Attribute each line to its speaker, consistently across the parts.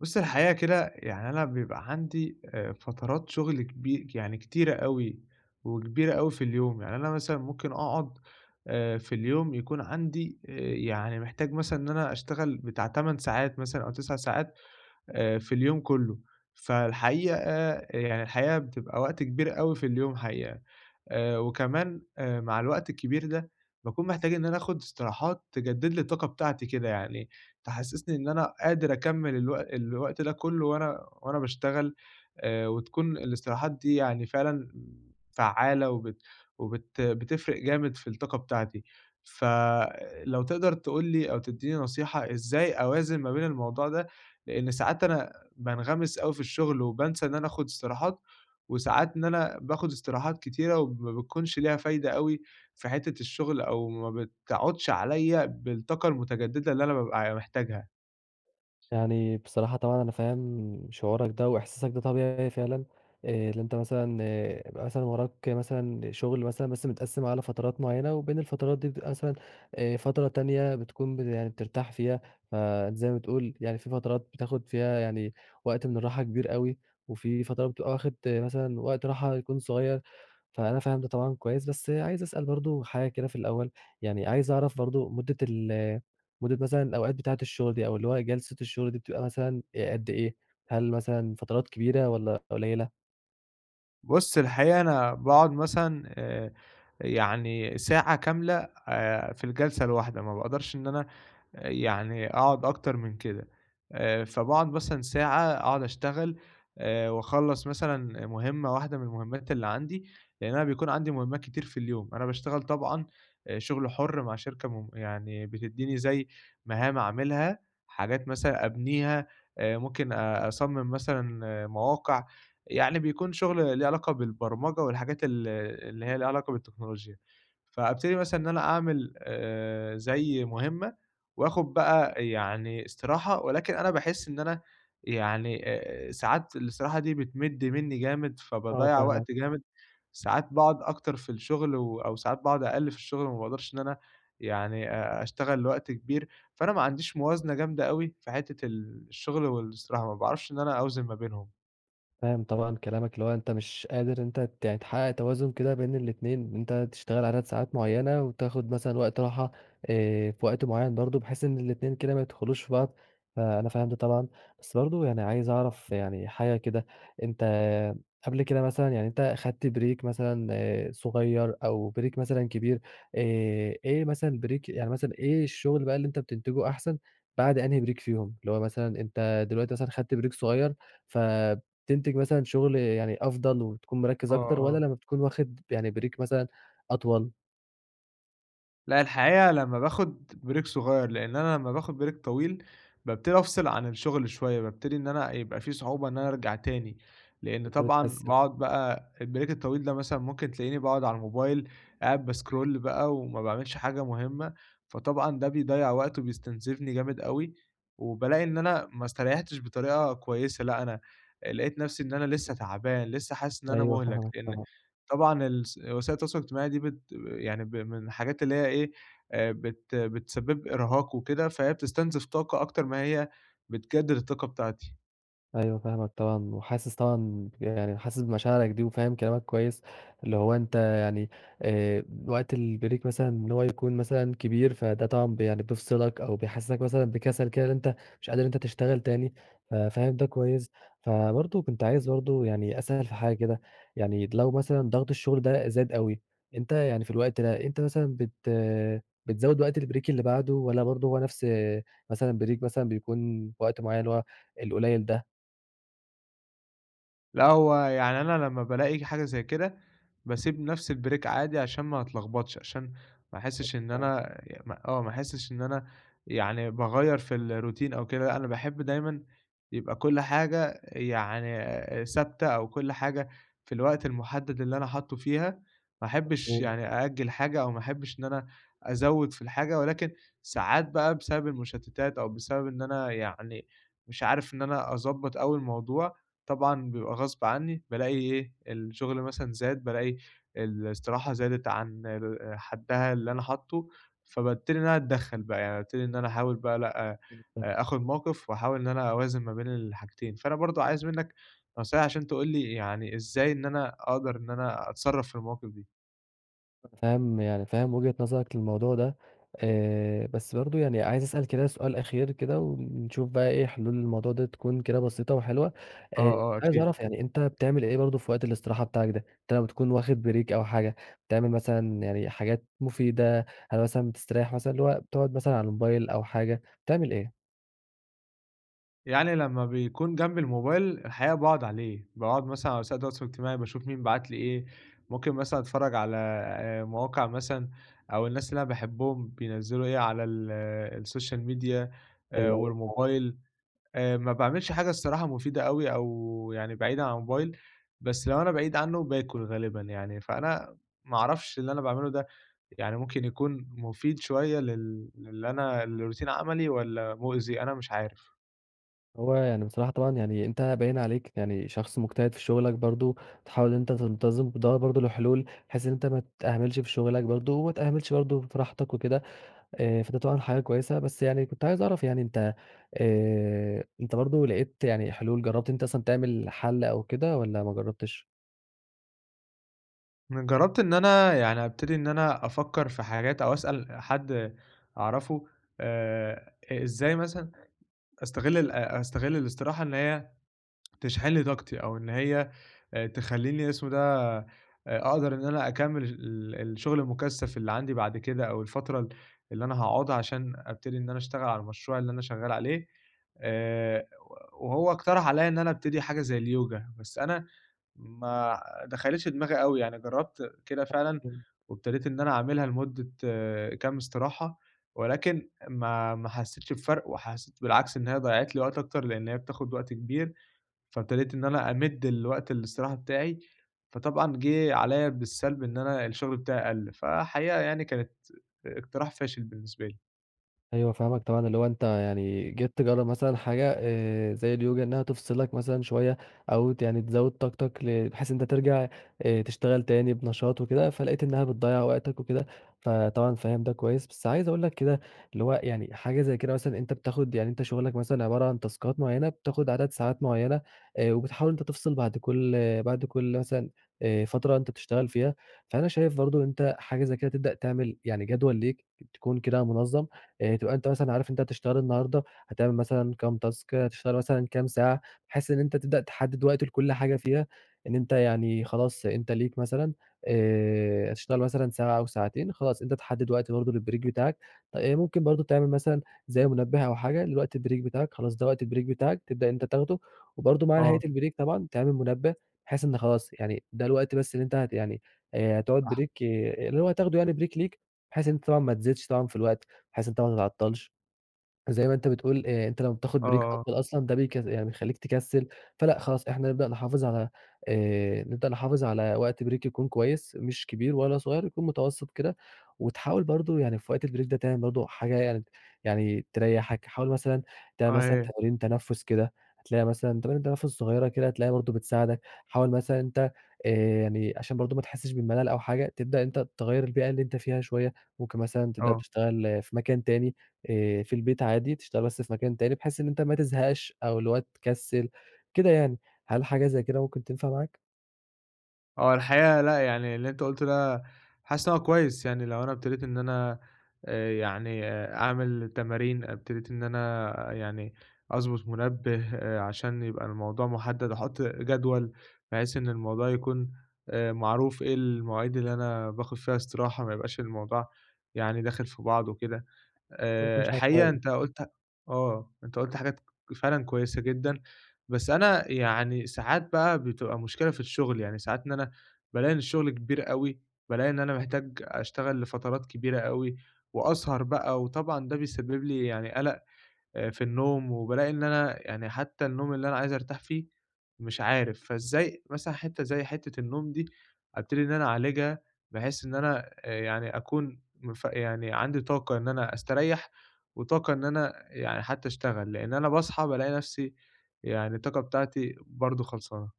Speaker 1: بص الحقيقة كده، يعني أنا بيبقى عندي آآ فترات شغل كبي يعني كتيرة أوي وكبيرة أوي في اليوم، يعني أنا مثلًا ممكن أقعد آآ في اليوم يكون عندي، يعني محتاج مثلًا إن أنا أشتغل بتاع 8 ساعات مثلًا، أو 9 ساعات آآ في اليوم كله، فالحقيقة يعني الحقيقة بتبقى وقت كبير أوي في اليوم حقيقة، وكمان مع الوقت الكبير ده باكون محتاج إن أنا آخد استراحات تجدد لي الطاقة بتاعتي كده يعني، تحسسني إن أنا قادر أكمل الو الوقت ده كله وأنا وأنا باشتغل، آآ وتكون الاستراحات دي يعني فعلًا فعّالة وبت وبت بتفرق جامد في الطاقة بتاعتي. فلو تقدر تقول لي أو تديني نصيحة، إزاي أوازن ما بين الموضوع ده، لأن ساعات أنا بانغمس أوي في الشغل، وبانسى إن أنا آخد استراحات، وساعات إن أنا باخد استراحات كتيرة وما بتكونش ليها فايدة أوي في حتة الشغل، أو ما بتعُودش عليَّ بالطاقة المتجددة اللي أنا بابقى ع محتاجها.
Speaker 2: يعني بصراحة طبعًا أنا فاهم شعورك ده، وإحساسك ده طبيعي فعلًا آآ اللي أنت مثلًا، يبقى مثلًا وراك مثلًا شغل مثلًا بس متقسم على فترات معينة، وبين الفترات دي بتبقى مثلًا آآ فترة تانية بتكون ب يعني بترتاح فيها، فزي ما بتقول يعني في فترات بتاخد فيها يعني وقت من الراحة كبير أوي، وفي فترة بتبقى واخد مثلًا وقت راحة يكون صغير، فأنا فاهم ده طبعًا كويس. بس عايز أسأل برضه حاجة كده في الأول، يعني عايز أعرف برضه مدة ال مدة مثلًا الأوقات بتاعة الشغل دي، أو اللي هو جلسة الشغل دي بتبقى مثلًا قد إيه، هل مثلًا فترات كبيرة والَّا قليلة؟
Speaker 1: بُص، الحقيقة أنا باقعد مثلًا، آآ، يعني ساعة كاملة، آآ في الجلسة الواحدة، ما باقدرش إن أنا، يعني أقعد أكتر من كده، آآ، فباقعد مثلًا ساعة، أقعد أشتغل، آآ وأخلص مثلًا مهمَّة واحدة من المهمّات اللي عندي، لأن أنا بيكون عندي مهمّات كتير في اليوم، أنا باشتغل طبعًا، أ شغل حُر مع شركة م يعني بتدّيني زي مهام اعملها، حاجات مثلًا أبنيها، أ ممكن أصمِّم مثلًا مواقع، يعني بيكون شغل ليه علاقة بالبرمجة والحاجات ال اللي هي ليها علاقة بالتكنولوجيا، فابتدي مثلًا إن أنا أعمل، آآ، زي مهمَّة، وآخُد بقى يعني استراحة، ولكن أنا باحس إن أنا يعني، آآ ساعات الاستراحة دي بتمِد منّي جامد،
Speaker 2: آه،
Speaker 1: فباضيَّع
Speaker 2: فاهمك.
Speaker 1: وقت جامد، ساعات باقعد أكتر في الشغل و أو ساعات بعد أقل في الشغل وما باقدرش إن أنا، يعني، أ أشتغل لوقت كبير، فأنا ما عنديش موازنة جامدة أوي، في حتِّة ال الشغل والإستراحة، ما باعرفش إن أنا أوزِن ما بينهم.
Speaker 2: فاهم طبعًا كلامك، اللي هو أنت مش قادر، أنت ت يعني تحقَّق توازُن كده بين الإتنين، أنت تشتغل عدد ساعات معيَّنة وتاخد مثلًا وقت راحة، آآ في وقت معيَّن برضه، بحيث إن الإتنين كده ما يدخلوش في بعض، فأنا فاهم ده طبعًا، بس برضه يعني عايز أعرف يعني، حاجة كده. أنت قبل كده مثلًا يعني، أنت أخدت بريك مثلًا صغير أو بريك مثلًا كبير، آآ إيه مثلًا بريك يعني مثلًا، إيه الشغل بقى اللي أنت بتنتجه أحسن، بعد أنهي بريك فيهم، اللي هو مثلًا أنت دلوقتي مثلًا خدت بريك صغير، فتنتج مثلًا شغل، يعني أفضل وتكون مركِّز
Speaker 1: آه،
Speaker 2: أكتر، والّا
Speaker 1: آه.
Speaker 2: لما بتكون واخد يعني بريك مثلًا أطول؟
Speaker 1: لأ، الحقيقة لمّا باخد بريك صغيّر، لإن أنا لمّا باخد بريك طويل، بابتدي أفصِل عن الشغل شويّة، بابتدي إن أنا يبقى في صعوبة إن أنا أرجع تاني، لإن
Speaker 2: أنت
Speaker 1: طبعًا
Speaker 2: بتقسِّم.
Speaker 1: باقعد بقى البريك الطويل ده مثلًا، ممكن تلاقيني باقعد على الموبايل، قاعد باسكرول بقى وما باعملش حاجة مهمّة، فطبعًا ده بيضيَّع وقت وبيستنزفني جامد أوي، وبالاقي إن أنا ما استريَّحتش بطريقة كويّسة، لأ، أنا آآ، لقيت نفسي إن أنا لسّه تعبان، لسّه حاسس إن أنا
Speaker 2: أيوه،
Speaker 1: مُهلَك،
Speaker 2: فاهمك،
Speaker 1: لأن
Speaker 2: طبعًا.
Speaker 1: طبعًا الس وسائل التواصل الاجتماعي دي بت يعني ب من الحاجات اللي هي إيه، آآ، بت بتسبِّب إرهاق وكده، فهي بتستنزف طاقة أكتر ما هي بتجدد الطاقة بتاعتي.
Speaker 2: أيوه، فاهمك طبعًا، وحاسس طبعًا ب يعني حاسس بمشاعرك دي وفاهم كلامك كويّس، اللي هو أنت يعني، آآ، وقت البريك مثلًا، إن هو يكون مثلًا كبير، فده طبعًا يعني بيفصِلك أو بيحسِّسك مثلًا بكسل كده إن أنت مش قادر إن أنت تشتغل تاني، ف فاهم ده كويّس. فبرضه، كنت عايز برضه يعني أسأل في حاجة كده، يعني لو مثلًا ضغط الشغل ده زاد أوي، أنت يعني في الوقت ده، أنت مثلًا بت بتزود وقت البريك اللي بعده والّا برضه هو نفس، آآ، مثلًا بريك مثلًا بيكون وقت معيَّن اللي هو، القليل ده؟
Speaker 1: لأ، هو يعني أنا لمّا بالاقي حاجة زي كده، باسيب نفس الbreak عادي، عشان ما أتلخبطش عشان، ما أحسش إن
Speaker 2: [unintelligible]
Speaker 1: أنا ي ما آه، ما أحسش إن أنا، يعني باغيَّر في الروتين أو كده، أنا باحب دايمًا يبقى كل حاجة يعني ثابتة أو كل حاجة في الوقت المحدَّد اللي أنا حاطُّه فيها، ما أحبِّش
Speaker 2: مفهوم.
Speaker 1: يعني أأجِّل حاجة أو ما أحبِّش إن أنا أزوِّد في الحاجة، ولكن ساعات بقى بسبب المشتِّتات أو بسبب إن أنا يعني، مش عارف إن أنا أضبَّط أوي الموضوع، طبعًا بيبقى غصب عني بالاقي إيه، الشغل مثلًا زاد، بالاقي الاستراحة زادِت عن آآ حدَّها اللي أنا حاطُّه، فبابتدي إن أنا أتدخَّل بقى، يعني بابتدي إن أنا أحاول بقى لأ، أ
Speaker 2: [unintelligible]
Speaker 1: آخُذ موقِف وأحاول إن أنا أوازِن ما بين الحاجتين. فأنا برضه عايز منك نصيحة عشان تقول لي يعني، إزاي إن أنا أقدر إن أنا أتصرَّف في المواقف دي.
Speaker 2: فاهم، يعني فاهم وجهة نظرك للموضوع ده، آآ، بس برضه يعني عايز أسأل كده سؤال أخير كده ونشوف بقى إيه حلول الموضوع ده، تكون كده بسيطة وحلوة.
Speaker 1: آه،
Speaker 2: آآ، كنت
Speaker 1: آه،
Speaker 2: عايز أعرف
Speaker 1: أكيد.
Speaker 2: يعني، أنت بتعمل إيه برضه في وقت الاستراحة بتاعك ده، أنت لو تكون واخد بريك أو حاجة، بتعمل مثلًا يعني حاجات مفيدة، هل مثلًا بتستريح مثلًا، اللي هو بتقعد مثلًا على الموبايل أو حاجة، بتعمل إيه؟
Speaker 1: يعني لمّا بيكون جنبي الموبايل، الحقيقة باقعد عليه، باقعد مثلًا على وسائل التواصل الاجتماعي، باشوف مين بعت لي إيه، ممكن مثلًا أتفرّج على مواقع مثلًا، أو الناس اللي أنا باحبهم بينزّلوا إيه على ال السوشيال ميديا
Speaker 2: أيوه، [unintelligible]
Speaker 1: والموبايل، آآ ما باعملش حاجة الصراحة مُفيدة أوي أو يعني بعيدًا عن الموبايل، بس لو أنا بعيد عنّه باكل غالبًا يعني، فأنا ما أعرفش اللي أنا باعمله ده، يعني ممكن يكون مُفيد شوية لل للي أنا لروتين عملي والّا مؤذي؟ أنا مش عارف.
Speaker 2: هو، يعني بصراحة طبعًا يعني أنت باين عليك يعني شخص مجتهد في شغلك برضه، تحاول أنت تنتظم، بتدّور برضه لحلول بحيث إن أنت ما تِهملش في شغلك برضه، وما تِهملش برضه فى راحتك وكده. آآ فده طبعًا حاجة كويسة، بس يعني كنت عايز أعرف يعني أنت آآ أنت برضه لقيت يعني حلول، جربت أنت أصلًا تعمل حَل أو كده والّا ما جربتِش؟
Speaker 1: ن جرّبت إن أنا يعني أبتدي إن أنا أفكر في حاجات أو أسأل حد أعرفه، آآ إ إزاي مثلًا أستغل ال أ أستغل الإستراحة، إن هي تشحن لي طاقتي أو إن هي تخلّيني- اسمه إيه ده- أقدر إن أنا أكمل ال ال الشغل المُكثف اللي عندي بعد كده، أو الفترة ال اللي أنا هاقعدها عشان أبتدي إن أنا أشتغل على المشروع اللي أنا شغال عليه. آآ وهو اقترح علىَّ إن أنا أبتدي حاجة زي الYoga، بس أنا ما دخلِتش دماغي أوي، يعني جربت كده فعلًا،
Speaker 2: [unintelligible]
Speaker 1: وابتديت إن أنا أعملها لمدة كام استراحة، ولكن ما ما حسيتش بفرق وحسيت بالعكس إن هي ضيعت لي وقت أكتر لأن هي بتاخد وقت كبير، فابتديت إن أنا أمد الوقت الإستراحة بتاعي، فطبعًا جه عليَّ بالسلب إن أنا الشغل بتاعي قَل. فحقيقة يعني كانت إقتراح فاشل بالنسبة لي.
Speaker 2: أيوه، فاهمك طبعًا، اللي هو أنت يعني جيت تجرَّب مثلًا حاجة آآ، زي اليوجا إنّها تفصلك مثلًا شويّة، أو ت يعني تزود طاقتك ل بحيث أنت ترجع آآ تشتغل تاني بنشاط وكده فلقيت إنّها بتضيَّع وقتك وكده، فطبعًا فاهم ده كويّس، بس عايز أقول لك كده اللي هو يعني حاجة زي كده مثلًا أنت بتاخد يعني أنت شغلك مثلًا عبارة عن تاسكات معيّنة بتاخد عدد ساعات معيّنة آآ، وبتحاول أنت تفصل بعد كل بعد كل مثلًا آآ فترة أنت بتشتغل فيها، فأنا شايف برضه ان أنت حاجة زي كده تبدأ تعمل يعني جدول ليك تكون كده منظّم، آآ تبقى أنت مثلًا عارف أنت هتشتغل النهارده هتعمل مثلًا كام تاسك هتشتغل مثلًا كام ساعة، بحيث إن أنت تبدأ تحدِّد وقت لكل حاجة فيها، إن أنت يعني خلاص أنت ليك مثلًا آآ، هتشتغل مثلًا ساعة أو ساعتين خلاص، أنت تحدد وقت برضه للبريك بتاعك آآ ممكن برضه تعمل مثلًا زي منبّه أو حاجة لوقت البريك بتاعك خلاص ده وقت البريك بتاعك تبدأ ان أنت تاخده، وبرضه مع نهاية
Speaker 1: آه.
Speaker 2: البريك طبعًا تعمل منبّه بحيث إن خلاص يعني ده الوقت بس اللي أنت ه يعني آآ، هتقعد
Speaker 1: صح.
Speaker 2: بريك اللي هو هتاخده يعني بريك ليك، بحيث ان أنت طبعًا ما تزيدش طبعًا في الوقت، بحيث أنت ما تتعطلش زي ما أنت بتقول آآ، أنت لمَّا بتاخد
Speaker 1: آه،
Speaker 2: بريك
Speaker 1: آه.
Speaker 2: أطول أصلًا ده بيك يعني بيخليك تكسِّل فلأ خلاص إحنا نبدأ نحافظ على آآ، نبدأ نحافظ على وقت بريك يكون كويّس مش كبير ولا صغيّر يكون متوسط كده، وتحاول برضه يعني في وقت البريك ده تعمل برضه حاجة يعني يعني تريحك، حاول مثلًا
Speaker 1: آه،
Speaker 2: تعمل مثلًا
Speaker 1: يا
Speaker 2: تمارين تنفّس كده هتلاقيها مثلًا تمارين تنفس صغيّرة كده هتلاقيها برضه بتساعدك، حاول مثلًا ان أنت آآ، يعني عشان برضه ما تحسِّش بالملل أو حاجة تبدأ أنت تغيَّر البيئة اللي أنت فيها شويّة ممكن مثلًا تبدأ
Speaker 1: آه.
Speaker 2: تشتغل في مكان تاني آآ، في البيت عادي تشتغل بس في مكان تاني، بحيث ان أنت ما تزهقش أو اللي هو تكسِّل كده يعني، هل حاجة زي كده ممكن تنفع معاك؟
Speaker 1: هو الحقيقة لأ، يعني اللي أنت قُلته ده حاسس إن هو كويس يعني، لو أنا ابتديت إن أنا آآ، يعني أعمل تمارين ابتديت إن أنا يعني أضبط منبّه، عشان يبقى الموضوع محدّد، أحط جدول بحيث إن الموضوع يكون آآ، معروف إيه المواعيد اللي أنا باخد فيها استراحة، ما يبقاش الموضوع يعني داخل في بعضه وكده،
Speaker 2: ما يكونش
Speaker 1: آآ، حقيقة
Speaker 2: عشوائي.
Speaker 1: أنت قُلت آه أنت قُلت حاجات فعلًا كويسة جدًا، بس أنا يعني ساعات بقى بتبقى مشكلة في الشغل، يعني ساعات إن أنا بالاقي إن الشغل كبير اوي، بالاقي إن أنا محتاج أشتغل لفترات كبيرة اوي، وأسهر بقى وطبعًا ده بيسبب لي يعني قلق في النوم وبالاقي إن أنا يعني حتى النوم اللي أنا عايز أرتاح فيه مش عارف، فإزاي مثلًا حتّة زي حتّة النوم دي ابتدي إن أنا اعالجها بحيث إن أنا آآ، يعني أكون مف يعني عندي طاقة إن أنا أستريَّح وطاقة إن أنا يعني حتى أشتغل، لإن أنا باصحى بالاقي نفسي يعني الطاقة بتاعتي برضه خلصانة.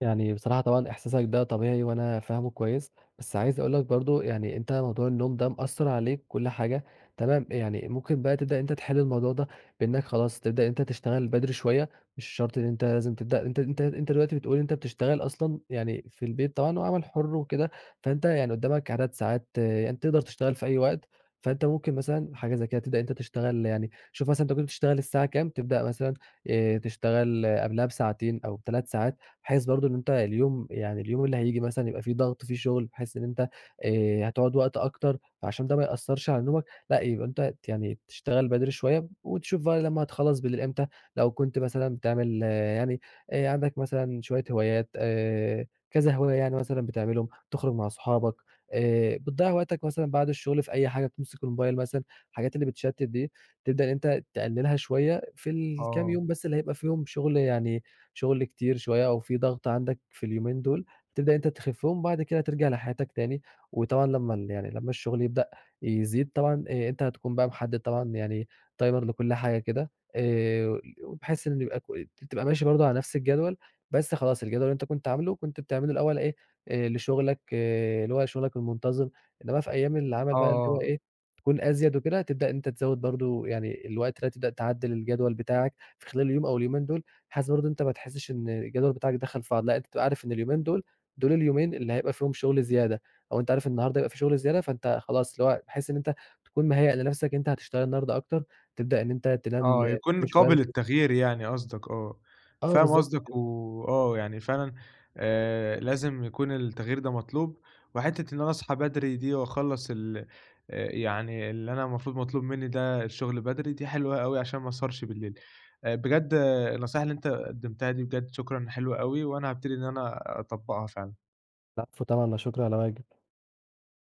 Speaker 2: يعني بصراحة طبعًا، إحساسك ده طبيعي وأنا فاهمُه كويس، بس عايز أقول لك برضه يعني أنت موضوع النوم ده مأثّرعليك وكل حاجة تمام، يعني ممكن بقى تبدأ إن أنت تحلّ الموضوع ده بإنّك خلاص تبدأ إن أنت تشتغل بدري شوية، مش شرط إن أنت لازم تبدأ أنت أنت أنت دلوقتي بتقول إن أنت بتشتغل أصلًا يعني في البيت، طبعًا وعمل حُرّ وكده، فأنت يعني قدَّامك عدد ساعات يعني تقدر تشتغل في أي وقت، فأنت ممكن مثلًا حاجة زي كده تبدأ إن أنت تشتغل يعني شوف مثلًا أنت كنت بتشتغل الساعة كام تبدأ مثلًا آآ، تشتغل قبلها بساعتين أو ب3 ساعات، بحيث برضه إن أنت اليوم يعني اليوم اللي هييجي مثلًا يبقى فيه ضغط فيه شغل بحيث إن أنت آآ، هتُقعد وقت أكتر عشان ده ما يأثّرش على نومك، لأ يبقى أنت ت يعني تشتغل بدري شوية وتشوف بقى لما تخلّص بالليل إمتى لو كنت مثلًا بتعمل يعني آآ، عندك مثلًا شوية هوايات آآ، كذا هواية يعني مثلًا بتعملهم، تُخرج مع صُحابك آآ، بتضيَّع وقتك مثلًا بعد الشغل في أي حاجة، بتمسك الموبايل مثلًا، الحاجات اللي بتشتِّت دي، تبدأ إن أنت تقلِّلها شوية في الكام
Speaker 1: آه.
Speaker 2: يوم بس اللي هيبقى فيهم شغل يعني شغل كتير شوية أو في ضغط عندك في اليومين دُول، تبدأ إن أنت تخفِّهم وبعد كده ترجع لحياتك تاني، وطبعًا لمَّا ال يعني لمَّا الشغل يبدأ يزيد طبعًا، آآ، أنت هتكون بقى محدد طبعًا يعني Timer لكل حاجة كده آآ، وبحيث إن يبقى ك تبقى ماشي برضه على نفس الجدول، بس خلاص الجدول اللي أنت كنت عاملُه كنت بتعمله الأول إيه لشغلك اللي هو شغلك المنتظم، إنما في أيام العمل
Speaker 1: آه،
Speaker 2: بقى اللي هو
Speaker 1: آه.
Speaker 2: إيه تكون أزيَد وكده، تبدأ إن أنت تزَود برضه يعني الوقت ده هتبدأ تعدِّل الجدول بتاعك في خلال اليوم أو اليومين دُول بحيث برضه إن أنت ما تحسش إن الجدول بتاعك دخل في بعضه، لأ انت تبقى عارف إن اليومين دول دول اليومين اللي هيبقى فيهم شغل زيادة أو أنت عارف النهارده هيبقى في شغل زيادة، فأنت خلاص اللي هو بحيث إن أنت تكون مهيأ لنفسك إن أنت هتشتغل النهارده أكتر، تبدأ إن أنت تنام
Speaker 1: آه،
Speaker 2: بدري
Speaker 1: يكون
Speaker 2: شويّة
Speaker 1: قابل للتغيير يعني قصدك آه،
Speaker 2: آه،
Speaker 1: فاهم
Speaker 2: بالضبط
Speaker 1: قصدك
Speaker 2: كده.
Speaker 1: وآه يعني فعلًا آآ، لازم يكون التغيير ده مطلوب وحتِّة إن أنا اصحى بدري دي وأخلَّص ال آآ، يعني اللي أنا المفروض مطلوب مني ده الشغل بدري، دي حلوة اوي عشان ما اسهرش بالليل، بجد النصيحة اللي أنت قدّمتها دي بجد شكرًا، حلوة اوي وأنا هابتدي إن أنا اطبقها فعلًا.
Speaker 2: العفو طبعًا، لا شكر على واجب.